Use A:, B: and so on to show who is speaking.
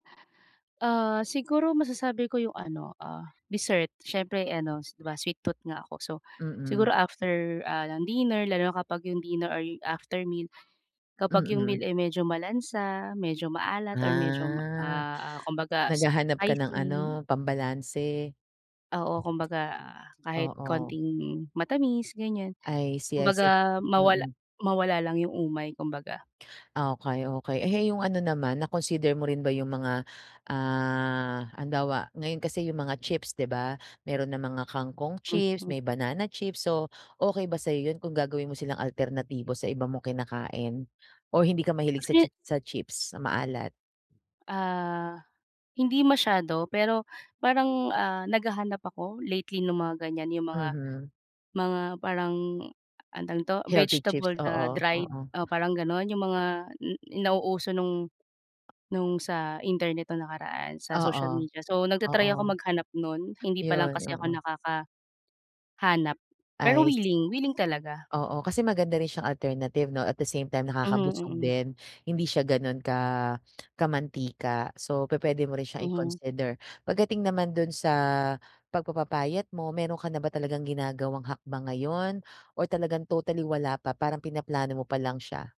A: Ah, siguro masasabi ko 'yong ano, ah, dessert siyempre ano, s 'di ba, sweet tooth nga ako. So, siguro
B: Mm.
A: after, ah, ng dinner lalo na kapag 'yong dinner or after meal, kapag 'yong
B: Mm.
A: meal ay medyo malansa, medyo maalat, or medyo ma
B: Ah.
A: ah, kumbaga
B: Naghahanap ka ng
A: spicy
B: ano, pambalanse.
A: oo, kumbaga, kahit
B: Oo.
A: konting matamis, ganiyan.
B: I see, I see.
A: Kumbaga mawala
B: Mm.
A: mawala lang 'yong umay kumbaga.
B: Okey, okey. Eh, 'yong ano naman, na-consider mo rin ba 'yong mga, ah, halimbawa, ngayon kasi 'yong mga chips, 'di ba? Meron ng mga kangkong chips,
A: Mhm.
B: may banana chips. So, okay ba sa'yo 'yon kung gagawin mo silang alternatibo sa iba mo kinakain, o hindi ka mahilig sa
A: Actually
B: chi sa chips, sa maalat?
A: Ah, hindi masyado. Pero parang, ah, naghahanap ako lately no'ng mga ganiyan, 'yong mga
B: Mhm.
A: mga parang, anong tawag nito,
B: Healthy chips,
A: vegetable na
B: oo,
A: dried,
B: oo.
A: o parang gano'n. 'Yong mga n nauuso no'ng no'ng sa internet no'ng nakaraan sa social
B: Oo,
A: media. So, nagta-try akong
B: oo.
A: maghanap no'n hindi pa lang
B: Iyon,
A: kasi ako
B: oo.
A: nakaka hanap pero
B: I se
A: wiling, wiling talaga.
B: Oo, kasi maganda rin siyang alternative, 'no, at the same time
A: Mhm,
B: nakakabusog
A: mm.
B: din, hindi siya gano'n ka kamantika. So, pupuwede mo rin siyang
A: Mhm.
B: i-consider. Pagdating naman do'n sa pagpapapayat mo meron ka na ba talagang ginagawang hakbang ngayon or talagang totally wala pa, parang pinaplano mo pa lang siya?